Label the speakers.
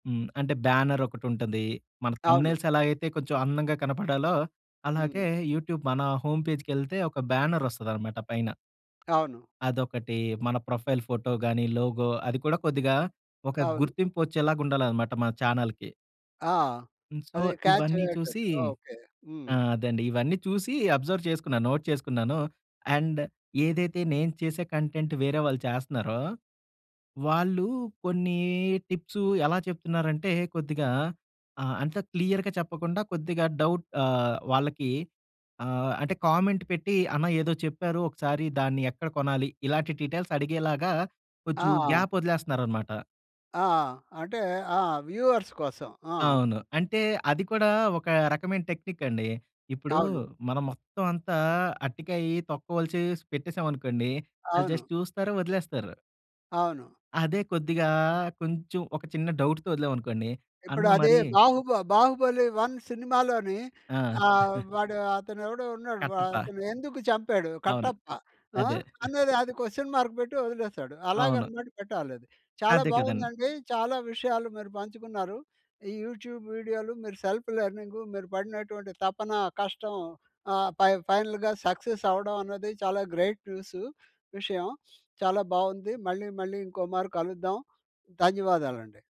Speaker 1: హ్మ్. అంటే బ్యానరొకటుంటది. మన
Speaker 2: అవును.
Speaker 1: థంబ్‌నెయిల్స్ ఎలాగైతే కొంచెం అందంగా కనపడాలో,
Speaker 2: హ్మ్.
Speaker 1: అలాగే యూట్యూబ్ మన హోమ్ పేజ్‌కెళ్తే, ఒక బ్యానరొస్తదనమాట పైన.
Speaker 2: అవును.
Speaker 1: అదొకటి. మన ప్రొఫైల్ ఫోటోగాని, లోగో అది కూడా కొద్దిగా ఒక
Speaker 2: అవును.
Speaker 1: గుర్తింపు వచ్చేలాగా ఉండాలనమాట. మన చానల్‌కి.
Speaker 2: ఆ!
Speaker 1: హ్మ్. సో,
Speaker 2: అది క్యాచ్
Speaker 1: ఇవన్నీ చూసి
Speaker 2: అయ్యేటట్టు. ఓకే. హ్మ్.
Speaker 1: ఆ! అదండి. ఇవన్నీ చూసి అబ్జర్వ్ చేసుకున్నాను. నోట్ చేసుకున్నాను. అండ్ ఏదైతే నేను చేసే కంటెంట్ వేరే వాళ్ళు చేస్తున్నారో, వాళ్ళు కొన్ని టిప్స్ ఎలా చెప్తున్నారంటే, కొద్దిగా ఆహ్, అంత క్లియర్‌గా చెప్పకుండా, కొద్దిగా డౌట్ ఆహ్, వాళ్ళకి ఆహ్, అంటే కామెంట్ పెట్టి అన్న ఏదో చెప్పారు. ఒకసారి దాన్ని ఎక్కడ కొనాలి? ఇలాంటి డీటెయిల్స్ అడిగేలాగా కొంచెం
Speaker 2: ఆ!
Speaker 1: గ్యాప్ వదిలేస్తున్నారనమాట.
Speaker 2: ఆ! అంటే ఆ! వ్యూవర్స్ కోసం. ఆ!
Speaker 1: అవును. అంటే అది కూడా ఒక రకమైన టెక్నిక్ అండి. ఇప్పుడు
Speaker 2: అవును.
Speaker 1: మనం మొత్తం అంతా అరటికాయ తొక్కవలిచేసి పెట్టేసాం అనుకోండి. ఆల్లు
Speaker 2: అవును.
Speaker 1: జస్ట్ చూస్తారు. వదిలేస్తారు.
Speaker 2: అవును.
Speaker 1: అదే! కొద్దిగా కొంచెం ఒక చిన్న డౌట్‌తో వదిలాం అనుకోండి. అన్న
Speaker 2: ఇప్పుడు అదే,
Speaker 1: మరీ
Speaker 2: బాహుబ 'బాహుబలి 1' సినిమాలోని
Speaker 1: ఆ!
Speaker 2: ఆహ్, వాడు అతను ఎవడో ఉన్నాడు. వ
Speaker 1: కట్టప్ప.
Speaker 2: అతను ఎందుకు చంపాడు?
Speaker 1: అవును.
Speaker 2: కట్టప్ప. ఆ!
Speaker 1: అదే.
Speaker 2: అన్నది అది క్వెషన్ మార్క్ పెట్టి వదిలేసాడు.
Speaker 1: అవును.
Speaker 2: అలాగనమాట పెట్టాలది. చాలా
Speaker 1: అదే కదండీ!
Speaker 2: బాగుందండి. చాలా విషయాలు మీరు పంచుకున్నారు. ఈ యూట్యూబ్ వీడియోలు, మీరు సెల్ఫ్ లెర్నింగు, మీరు పడినటువంటి తపన కష్టం ఆహ్, పై ఫైనల్‌గా సక్సెస్ అవ్వడం అనేది చాలా గ్రేట్ న్యూసు. విషయం. చాలా బావుంది. మళ్ళీ, మళ్ళీ ఇంకోమారు కలుద్దాం. ధన్యవాదాలండి.